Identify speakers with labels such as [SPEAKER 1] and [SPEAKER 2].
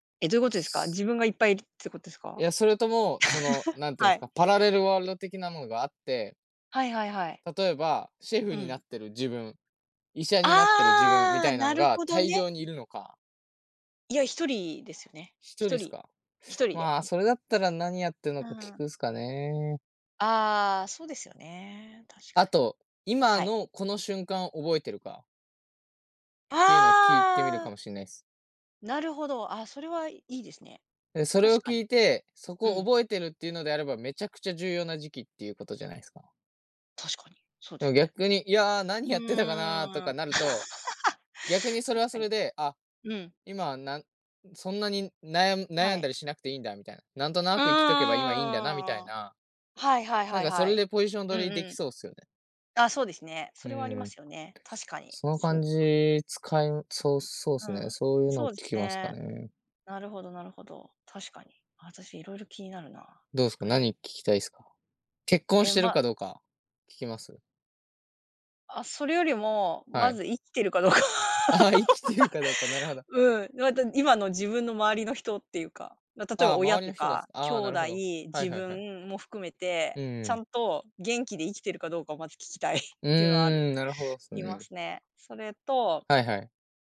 [SPEAKER 1] え、どう言う事ですか？自分がいっぱいいるって事です
[SPEAKER 2] い
[SPEAKER 1] か？
[SPEAKER 2] や、それとも、その、何て言うんで
[SPEAKER 1] は
[SPEAKER 2] す
[SPEAKER 1] い。
[SPEAKER 2] か。パラレルワールド的なのがあって
[SPEAKER 1] はいはいはい。
[SPEAKER 2] 例えば、シェ
[SPEAKER 1] う
[SPEAKER 2] フに
[SPEAKER 1] ん。
[SPEAKER 2] なってる自分、医者になってる自分み
[SPEAKER 1] ああ、
[SPEAKER 2] たいな
[SPEAKER 1] な
[SPEAKER 2] ん
[SPEAKER 1] る
[SPEAKER 2] が、
[SPEAKER 1] ほど
[SPEAKER 2] 大量
[SPEAKER 1] ね。
[SPEAKER 2] にいるのか
[SPEAKER 1] いや、1人ですよね、
[SPEAKER 2] ひ
[SPEAKER 1] ひ
[SPEAKER 2] とり
[SPEAKER 1] と
[SPEAKER 2] っす
[SPEAKER 1] り。
[SPEAKER 2] か？
[SPEAKER 1] ひと りで。
[SPEAKER 2] まあ、それだったら、何やってんの
[SPEAKER 1] う
[SPEAKER 2] か聞
[SPEAKER 1] ん。
[SPEAKER 2] くっすかね。
[SPEAKER 1] ああ、そうですよね、確か
[SPEAKER 2] あ
[SPEAKER 1] に、
[SPEAKER 2] と、今
[SPEAKER 1] はい。
[SPEAKER 2] のこの瞬間を覚えてるか？っていうのを聞いてみる
[SPEAKER 1] ああ。
[SPEAKER 2] かもしれないっす。
[SPEAKER 1] なるほど、あ、それはいいですね、
[SPEAKER 2] で、それ
[SPEAKER 1] 確
[SPEAKER 2] を
[SPEAKER 1] かに。
[SPEAKER 2] 聞いて、そ
[SPEAKER 1] う
[SPEAKER 2] こを
[SPEAKER 1] ん。
[SPEAKER 2] 覚えてるって言うのであれば、めちゃくちゃ重要な時期っていう事じゃないすか？
[SPEAKER 1] 確かに、そうで
[SPEAKER 2] じゃ
[SPEAKER 1] すね。
[SPEAKER 2] 逆に「いや、
[SPEAKER 1] う
[SPEAKER 2] 何やってたかな」と
[SPEAKER 1] ー
[SPEAKER 2] か
[SPEAKER 1] ん、
[SPEAKER 2] なると、逆に、それは
[SPEAKER 1] 確か
[SPEAKER 2] それ
[SPEAKER 1] に。
[SPEAKER 2] で、あ、
[SPEAKER 1] うん。
[SPEAKER 2] 今なんそんなになやん
[SPEAKER 1] は
[SPEAKER 2] 悩ん
[SPEAKER 1] い。
[SPEAKER 2] だりしなくていいんだみたいな。なんと
[SPEAKER 1] う
[SPEAKER 2] なく生きとけば、今良いんだなみたい
[SPEAKER 1] ーん。
[SPEAKER 2] な。
[SPEAKER 1] はいはい
[SPEAKER 2] なん
[SPEAKER 1] はい
[SPEAKER 2] か、そ
[SPEAKER 1] は
[SPEAKER 2] れ
[SPEAKER 1] い。
[SPEAKER 2] でポジション
[SPEAKER 1] うん
[SPEAKER 2] 取り出
[SPEAKER 1] う
[SPEAKER 2] 来
[SPEAKER 1] ん。
[SPEAKER 2] そうっすよね。
[SPEAKER 1] あ、そうですね。
[SPEAKER 2] う
[SPEAKER 1] それはあり
[SPEAKER 2] ー
[SPEAKER 1] ま
[SPEAKER 2] ん。た
[SPEAKER 1] すよね、確か
[SPEAKER 2] し
[SPEAKER 1] に。
[SPEAKER 2] その
[SPEAKER 1] そ
[SPEAKER 2] 感
[SPEAKER 1] うか。
[SPEAKER 2] じ使えそう、そうっ
[SPEAKER 1] う
[SPEAKER 2] すね、
[SPEAKER 1] ん、
[SPEAKER 2] そう言うの
[SPEAKER 1] そ
[SPEAKER 2] を
[SPEAKER 1] う
[SPEAKER 2] 聞
[SPEAKER 1] です
[SPEAKER 2] きますか
[SPEAKER 1] ね、
[SPEAKER 2] ね。
[SPEAKER 1] なるほどなるほど、確かに、私色々気になるな、
[SPEAKER 2] どうっ
[SPEAKER 1] 確
[SPEAKER 2] すか？
[SPEAKER 1] かに。
[SPEAKER 2] 何聞きたいっすか？結婚
[SPEAKER 1] え、
[SPEAKER 2] してる
[SPEAKER 1] ま
[SPEAKER 2] かどうか、聞きます？
[SPEAKER 1] あ、それよりも、
[SPEAKER 2] は
[SPEAKER 1] ま
[SPEAKER 2] い。
[SPEAKER 1] ず生きてるかどうか。
[SPEAKER 2] ああ、生きてるかどうか、なるほ ど。
[SPEAKER 1] うん、また今の自分の周りの人っていうか。ま、例え
[SPEAKER 2] あ
[SPEAKER 1] ば、
[SPEAKER 2] あ、
[SPEAKER 1] 親
[SPEAKER 2] 周り
[SPEAKER 1] と
[SPEAKER 2] の人がす
[SPEAKER 1] か兄
[SPEAKER 2] ああ、なる
[SPEAKER 1] 弟、
[SPEAKER 2] ほど、はい
[SPEAKER 1] 自
[SPEAKER 2] はいはい。
[SPEAKER 1] 分も含めて、
[SPEAKER 2] うんう
[SPEAKER 1] ちゃ
[SPEAKER 2] ん。
[SPEAKER 1] んと元気で生きてるかどうかを、まず聞きたいっ
[SPEAKER 2] う
[SPEAKER 1] ていうのはある
[SPEAKER 2] ーん、なるほどっす
[SPEAKER 1] いま
[SPEAKER 2] ね。
[SPEAKER 1] すね。それと
[SPEAKER 2] はいはい。